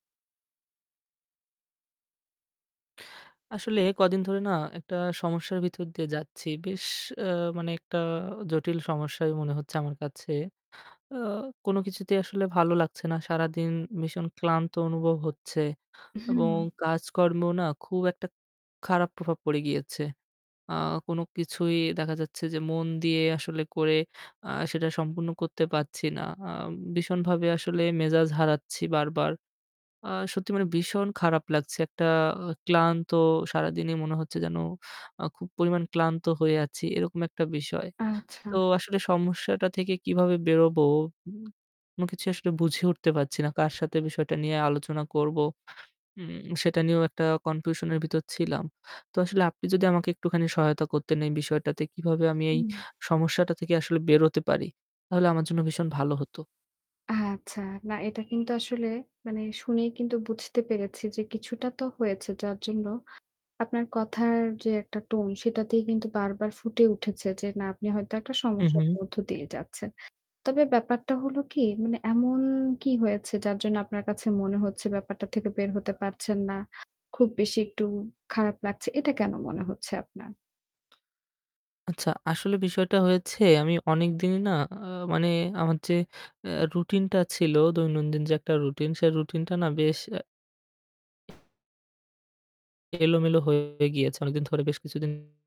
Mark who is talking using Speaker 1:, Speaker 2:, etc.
Speaker 1: আসলে কদিন ধরে না একটা সমস্যার ভিতর দিয়ে যাচ্ছি। বেশ অ্যা মানে একটা জটিল সমস্যাই মনে হচ্ছে আমার কাছে। অ কোনো কিছুতেই আসলে ভালো লাগছে না। সারাদিন ভীষণ ক্লান্ত অনুভব হচ্ছে
Speaker 2: হুম।
Speaker 1: এবং কাজকর্মেও না খুব একটা খারাপ প্রভাব পড়ে গিয়েছে। আ কোনো কিছুই দেখা যাচ্ছে যে মন দিয়ে আসলে করে আ সেটা সম্পূর্ণ করতে পারছি না। আ ভীষণভাবে আসলে মেজাজ হারাচ্ছি বারবার। আ সত্যি মানে ভীষণ খারাপ লাগছে। একটা ক্লান্ত সারাদিনই মনে হচ্ছে যেন আ খুব পরিমাণ ক্লান্ত হয়ে আছি, এরকম একটা বিষয়।
Speaker 2: আচ্ছা।
Speaker 1: তো আসলে সমস্যাটা থেকে কিভাবে বেরোবো, উ কোনো কিছু আসলে বুঝে উঠতে পারছি না। কার সাথে বিষয়টা নিয়ে আলোচনা করবো, উম সেটা নিয়েও একটা confusion এর ভিতর ছিলাম। তো আসলে আপনি যদি আমাকে একটুখানি সহায়তা করতেন এই বিষয়টাতে। কিভাবে আমি এই
Speaker 2: উম
Speaker 1: সমস্যাটা থেকে আসলে বেরোতে পারি? তাহলে আমার জন্য ভীষণ ভালো হতো।
Speaker 2: আচ্ছা। না এটা কিন্তু আসলে মানে শুনেই কিন্তু বুঝতে পেরেছি যে কিছুটা তো হয়েছে যার জন্য আপনার কথার যে একটা tone সেটাতেই কিন্তু বারবার ফুটে উঠেছে যে না আপনি হয়তো একটা
Speaker 1: উ
Speaker 2: সমস্যার
Speaker 1: হু।
Speaker 2: মধ্য দিয়ে যাচ্ছেন। তবে ব্যাপারটা হলো কি, মানে এমন কি হয়েছে যার জন্য আপনার কাছে মনে হচ্ছে ব্যাপারটা থেকে বের হতে পারছেন না? খুব বেশি একটু খারাপ লাগছে এটা কেনো মনে হচ্ছে আপনার?
Speaker 1: আচ্ছা, আসলে বিষয়টা হয়েছে আমি অনেকদিন না আ মানে আমার যে অ্যা routine টা ছিল দৈনন্দিন যে একটা routine সেই routine টা না বেশ অ্যা এলোমেলো হয়ে গিয়েছে অনেকদিন ধরে। বেশ কিছুদিন